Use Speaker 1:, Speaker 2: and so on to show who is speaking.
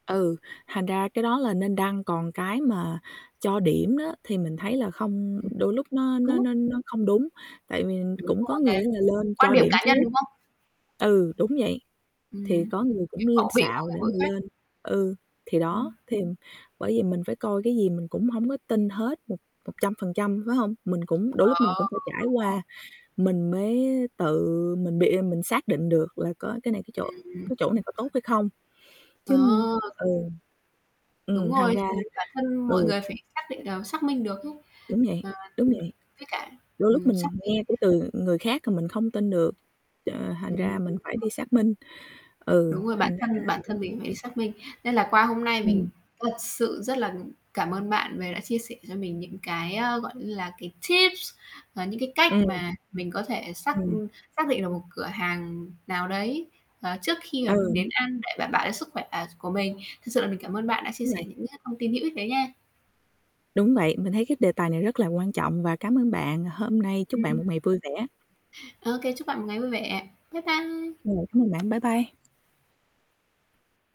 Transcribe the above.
Speaker 1: Ừ, thành ra cái đó là nên đăng, còn cái mà cho điểm đó thì mình thấy là không
Speaker 2: Ừm.
Speaker 1: đôi lúc nó nó
Speaker 2: Đúng.
Speaker 1: nó nó không đúng, tại vì
Speaker 2: Đúng
Speaker 1: cũng có
Speaker 2: rồi
Speaker 1: người
Speaker 2: nè.
Speaker 1: ấy là lên
Speaker 2: Quan
Speaker 1: cho
Speaker 2: điểm
Speaker 1: điểm
Speaker 2: cá nhân,
Speaker 1: trước.
Speaker 2: đúng không?
Speaker 1: Ừ, đúng vậy, thì
Speaker 2: Ừm,
Speaker 1: có người
Speaker 2: cái
Speaker 1: cũng lên
Speaker 2: khẩu vị mỗi
Speaker 1: xạo,
Speaker 2: người
Speaker 1: để
Speaker 2: mỗi
Speaker 1: mà
Speaker 2: khác.
Speaker 1: lên ừ, thì đó,
Speaker 2: Ừm.
Speaker 1: thì bởi vậy mình phải coi, cái gì mình cũng hổng có tin hết một một trăm phần trăm, phải hông? Mình cũng đôi lúc mình cũng
Speaker 2: Ờ,
Speaker 1: phải trải
Speaker 2: đúng rồi.
Speaker 1: qua mình mới tự mình bị rồi mình xác định được là có cái này cái chỗ
Speaker 2: Ừm.
Speaker 1: cái chỗ này có tốt hay không, chứ
Speaker 2: À.
Speaker 1: ừ.
Speaker 2: Đúng
Speaker 1: Ừm, thành
Speaker 2: rồi,
Speaker 1: ra
Speaker 2: thì bản thân mọi
Speaker 1: ừ.
Speaker 2: người phải xác định ờ, xác minh được ấy.
Speaker 1: Đúng vậy, đúng
Speaker 2: Ừm,
Speaker 1: vậy,
Speaker 2: với cả
Speaker 1: đôi lúc
Speaker 2: ừm, xác
Speaker 1: mình
Speaker 2: minh
Speaker 1: nghe của từ người khác rồi mình không tin được, ờ, thành
Speaker 2: Ừm, đúng
Speaker 1: ra mình phải
Speaker 2: rồi.
Speaker 1: đi xác minh, ừ,
Speaker 2: Đúng rồi, bản
Speaker 1: thành ra
Speaker 2: thân bản thân
Speaker 1: [unintelligible]
Speaker 2: mình cũng phải xác minh, nên là qua hôm nay mình
Speaker 1: Ừm.
Speaker 2: thật sự rất là mình cảm ơn bạn về đã chia sẻ cho mình những cái, ơ, gọi như là, cái, tips và những cái cách
Speaker 1: Ừm.
Speaker 2: mà mình có thể xác,
Speaker 1: Ừm.
Speaker 2: ừm, xác định được một cửa hàng nào đấy, ờ, trước khi mà mình đến
Speaker 1: Ừ.
Speaker 2: ăn để đảm bảo cho sức khỏe, ờ, s của mình. Thực sự là mình cảm ơn bạn đã chia
Speaker 1: Đúng
Speaker 2: sẻ
Speaker 1: vậy.
Speaker 2: những cái thông tin hữu ích đấy nha.
Speaker 1: Đúng vậy, mình thấy cái đề tài này rất là quan trọng và cám ơn bạn hôm nay, chúc bạn
Speaker 2: Ừm.
Speaker 1: một ngày vui vẻ.
Speaker 2: OK, chúc bạn một ngày vui vẻ. Bye bye.
Speaker 1: Rồi, cảm ơn bạn, bye bye.